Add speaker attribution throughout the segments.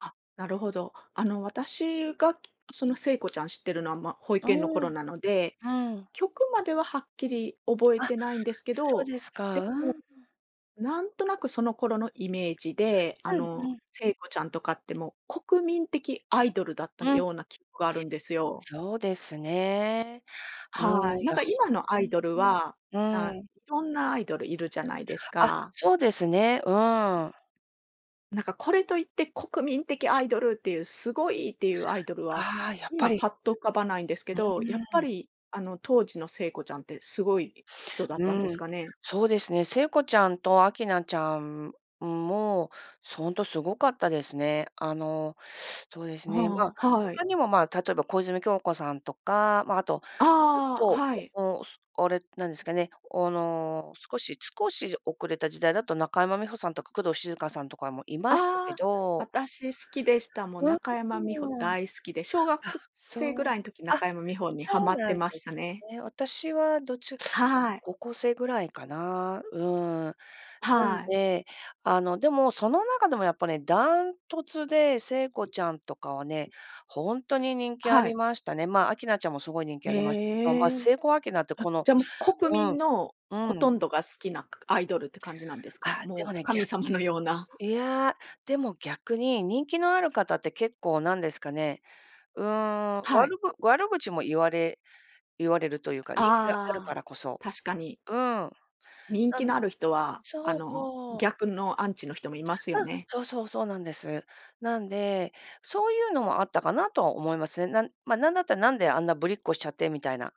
Speaker 1: あ、なるほど。あの私がその聖子ちゃん知ってるのは、ま、保
Speaker 2: うー
Speaker 1: 育園の頃
Speaker 2: ん。う
Speaker 1: なので、
Speaker 2: ーん。
Speaker 1: 曲までははっきり覚え
Speaker 2: あ、
Speaker 1: てないんですけ
Speaker 2: そう
Speaker 1: ど、
Speaker 2: です
Speaker 1: で
Speaker 2: か。うー
Speaker 1: も、
Speaker 2: ん。
Speaker 1: なんとなくその頃のイメージで、あ
Speaker 2: うん、う
Speaker 1: の、
Speaker 2: ん。
Speaker 1: 聖子ちゃんとかってもう国民的アイドルだった
Speaker 2: うん。
Speaker 1: ような記憶があるんですよ。
Speaker 2: そうですね。うー
Speaker 1: は
Speaker 2: ん。
Speaker 1: い。
Speaker 2: い
Speaker 1: なん
Speaker 2: や
Speaker 1: か今の
Speaker 2: ほ
Speaker 1: ア
Speaker 2: う
Speaker 1: イ
Speaker 2: ん
Speaker 1: ドルは、
Speaker 2: うん、
Speaker 1: な
Speaker 2: うーん。
Speaker 1: いろんなアイドルいるじゃないです
Speaker 2: あ、
Speaker 1: か。
Speaker 2: そうですね。うーん。
Speaker 1: なんかこれといって国民的アイドルっていう、すごいっていうアイドルは、
Speaker 2: ああ、やっぱ
Speaker 1: 今
Speaker 2: り
Speaker 1: パッと浮かばないんですけ
Speaker 2: う
Speaker 1: ど、やっぱ
Speaker 2: ーん。
Speaker 1: り、あの当時の聖子ちゃんってすごい、人だっ
Speaker 2: う
Speaker 1: たんで
Speaker 2: ー
Speaker 1: す
Speaker 2: ん。
Speaker 1: かね？
Speaker 2: そうですね。聖子ちゃんと明菜ちゃんも、そんとすごかったですね。あの、そうですね。まあ、
Speaker 1: ああ、はい。
Speaker 2: 他にもまあ、例えば小泉今日子さんとか、まあ、あとちょっ
Speaker 1: ああ、
Speaker 2: と、
Speaker 1: はい。
Speaker 2: おすおれ何ですかね、おの少し少し遅れた時代だと中山美穂さんとか工藤静香さんとかもいましたけ
Speaker 1: ああ、
Speaker 2: ど。
Speaker 1: 私好きでした。もう
Speaker 2: う、う
Speaker 1: 中山美穂
Speaker 2: うーん。
Speaker 1: 大好きで、小学
Speaker 2: あ、
Speaker 1: 生ぐ
Speaker 2: そう
Speaker 1: らいの時
Speaker 2: あ、
Speaker 1: 中山美穂には
Speaker 2: そ
Speaker 1: ま
Speaker 2: う
Speaker 1: っ
Speaker 2: な
Speaker 1: て
Speaker 2: ん
Speaker 1: ま
Speaker 2: で
Speaker 1: した
Speaker 2: すよ
Speaker 1: ね。
Speaker 2: ね。私はどちゅ
Speaker 1: はい。
Speaker 2: 高校生ぐらいかな。うーん。なん
Speaker 1: はい。
Speaker 2: で、あの、でもその中でもやっぱね、ダントツで聖子ちゃんとかはね、ホントに人気あ
Speaker 1: は
Speaker 2: り
Speaker 1: い。
Speaker 2: ましたね。まあ明菜ちゃんもすごい人気ありましたけど、ま
Speaker 1: へ
Speaker 2: あ
Speaker 1: え。
Speaker 2: 聖子明菜って
Speaker 1: あ、
Speaker 2: この
Speaker 1: じゃ、もう国
Speaker 2: う
Speaker 1: 民
Speaker 2: ん、
Speaker 1: の
Speaker 2: う
Speaker 1: ほ
Speaker 2: ん。
Speaker 1: とんどが好きな、かアイドルって感じなんですか？
Speaker 2: あ、で
Speaker 1: もう、
Speaker 2: もね、ぎゃ
Speaker 1: 神様のような。
Speaker 2: いや。でも逆に人気のある方って結構なんですかね、うーん、
Speaker 1: はい。
Speaker 2: 悪ぐ悪口も言われ言われるというか、人気があるか
Speaker 1: ああ、
Speaker 2: らこそ。
Speaker 1: 確かに。
Speaker 2: うん。な
Speaker 1: 人気
Speaker 2: ん
Speaker 1: のある人は、あ
Speaker 2: そう
Speaker 1: の、
Speaker 2: そう。
Speaker 1: 逆のアンチの人もいますよ
Speaker 2: うん。
Speaker 1: ね。
Speaker 2: そうそう、そうなんです。なんで、そういうのもあったかなとは思いますね。なんまあなんだったら何であんなぶりっ子しちゃってみたいな。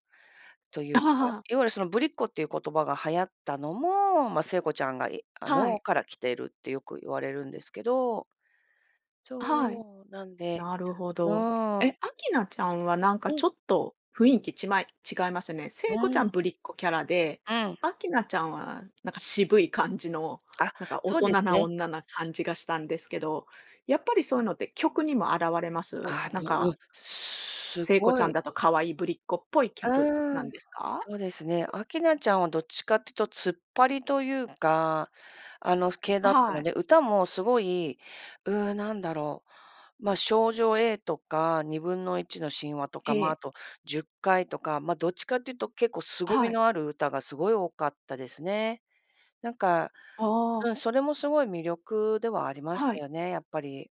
Speaker 2: というか、いわゆるそのぶりっ子っていう言葉が流行ったのも、まあ聖子ちゃんがいあ
Speaker 1: は
Speaker 2: の、
Speaker 1: い。
Speaker 2: から来てるってよく言われるんですけど
Speaker 1: はい。
Speaker 2: そう、なんで
Speaker 1: なるほ
Speaker 2: う
Speaker 1: ど。
Speaker 2: ーん。
Speaker 1: え、明菜ちゃんはなんか
Speaker 2: うん。
Speaker 1: ちょっと雰囲気ちまい違いますよね。
Speaker 2: う
Speaker 1: 聖子ち
Speaker 2: ー
Speaker 1: ゃん
Speaker 2: ん。
Speaker 1: ぶりっ子キャラで、
Speaker 2: うん。
Speaker 1: 明菜ちゃんは、なんか渋い感じの、
Speaker 2: あ、
Speaker 1: なんか大
Speaker 2: そう
Speaker 1: 人
Speaker 2: です
Speaker 1: な
Speaker 2: ね。
Speaker 1: 女な感じがしたんですけど、やっぱりそういうのって曲にも現れます？
Speaker 2: あ
Speaker 1: な
Speaker 2: あ、
Speaker 1: ん
Speaker 2: ぼう
Speaker 1: か
Speaker 2: ん、す
Speaker 1: 聖子ち
Speaker 2: ご
Speaker 1: ゃん
Speaker 2: い
Speaker 1: だと可愛いぶりっ子っぽい曲
Speaker 2: う
Speaker 1: な
Speaker 2: ー
Speaker 1: ん
Speaker 2: ん、
Speaker 1: ですか？
Speaker 2: そうですね。明菜ちゃんはどっちかってとツッパリというか、あの系
Speaker 1: あ
Speaker 2: だった
Speaker 1: は
Speaker 2: の
Speaker 1: い。
Speaker 2: で、歌もすごい、うう、何だろう。ま、少女 A とか、1/2の神話とか、ま
Speaker 1: え
Speaker 2: あ、あ
Speaker 1: え。
Speaker 2: と十戒とか、ま、どっちかっていうと結構凄み
Speaker 1: はい。
Speaker 2: のある歌がすごい多かったですね。なんか、
Speaker 1: あ
Speaker 2: うん、
Speaker 1: あ。
Speaker 2: それもすごい魅力ではありまし
Speaker 1: は
Speaker 2: た
Speaker 1: い。
Speaker 2: よね、やっぱり。